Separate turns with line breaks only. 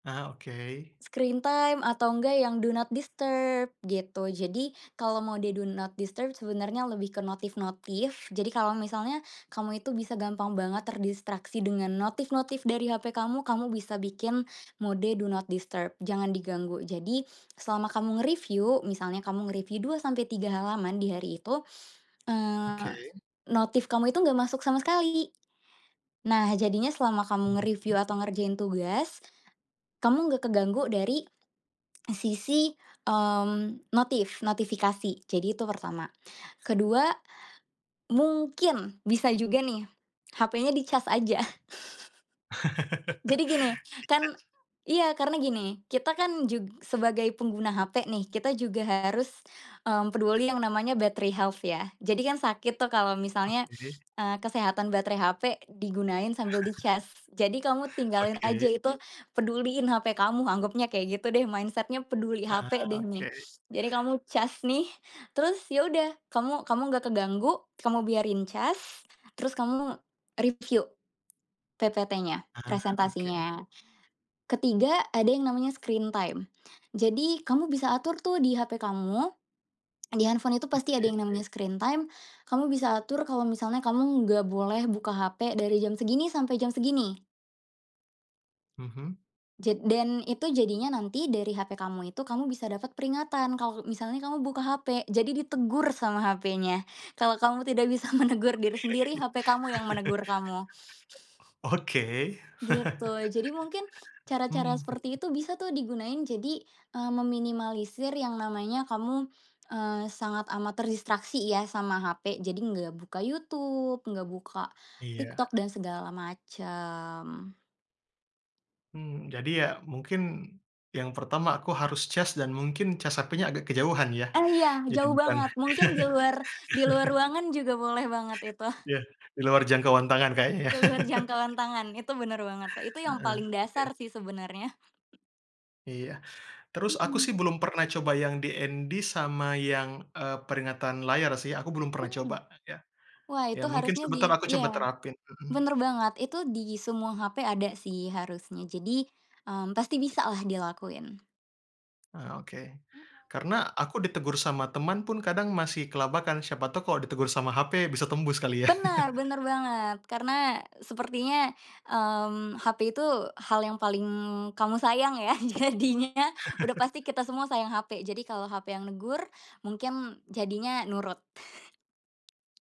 Ah, oke.
Screen time atau enggak yang do not disturb gitu. Jadi kalau mode do not disturb sebenarnya lebih ke notif-notif, jadi kalau misalnya kamu itu bisa gampang banget terdistraksi dengan notif-notif dari HP kamu, kamu bisa bikin mode do not disturb, jangan diganggu. Jadi selama kamu nge-review, misalnya kamu ngereview 2-3 halaman di hari itu,
Oke.
eee, notif kamu itu gak masuk sama sekali. Nah jadinya selama kamu
Mhm.
nge-review atau ngerjain tugas, kamu nggak keganggu dari sisi, mmm, notif notifikasi, jadi itu pertama. Ke-2 mungkin bisa juga nih HP-nya dicas aja. Jadi gini, kan
Dicas.
iya karena gini, kita kan jug sebagai pengguna HP nih, kita juga harus, mmm, peduli yang namanya battery health ya. Jadi kan sakit tuh kalau misalnya,
Oke.
eee, kesehatan baterai HP digunain sambil dicas. Jadi kamu tinggalin aja
Oke.
itu, peduliin HP kamu, anggapnya kayak gitu deh mindset-nya peduli
Heeh,
HP deh nih.
oke.
Jadi kamu cas nih, terus ya udah kamu kamu gak keganggu, kamu biarin cas terus kamu review PPT-nya,
Ah, oke.
presentasinya. Ke-3, ada yang namanya screen time. Jadi kamu bisa atur tuh di HP kamu, di handphone itu pasti ada
Oke.
yang namanya screen time, kamu bisa atur kalau misalnya kamu gak boleh buka HP dari jam segini sampai jam segini.
Mhm.
Jad dan itu jadinya nanti dari HP kamu itu kamu bisa dapet peringatan kalau misalnya kamu buka HP, jadi ditegur sama HP-nya. Kalau kamu tidak bisa menegur
Oke.
diri sendiri HP kamu yang menegur kamu.
Oke.
Gitu, jadi mungkin cara-cara
Mhm.
seperti itu bisa tuh digunain jadi, eee, meminimalisir yang namanya kamu, eee, sangat amat terdistraksi ya sama HP, jadi nggak buka YouTube, nggak buka
Iya.
TikTok, dan segala macam.
Mmm, jadi ya mungkin yang pertama aku harus cas, dan mungkin cas HP-nya agak kejauhan ya,
Oh iya
jadi
jauh
bukan
banget, mungkin di luar di luar ruangan juga boleh banget itu.
Ya, di luar jangkauan tangan kayaknya.
Di luar jangkauan tangan, itu bener banget, itu yang
Heeh,
paling dasar
oke.
sih sebenernya.
Iya, terus aku sih
Mhm.
belum pernah coba yang DND, sama yang, eee, peringatan layar sih, aku belum pernah coba
Hmm,
ya.
wah
Ya
itu
mungkin
harusnya
sebentar
di
aku coba
iya,
terapin, mhm.
bener banget, itu di semua HP ada sih harusnya. Jadi, mmm, pasti bisalah dilakuin.
Ah, oke,
Mhm.
karena aku ditegur sama teman pun kadang masih kelabakan, siapa tau kalo ditegur sama HP bisa tembus kali ya.
Benar benar banget karena sepertinya, mmm, HP itu hal yang paling kamu sayang ya. Jadinya udah pasti kita semua sayang HP. Jadi kalo HP yang negur, mungkin jadinya nurut.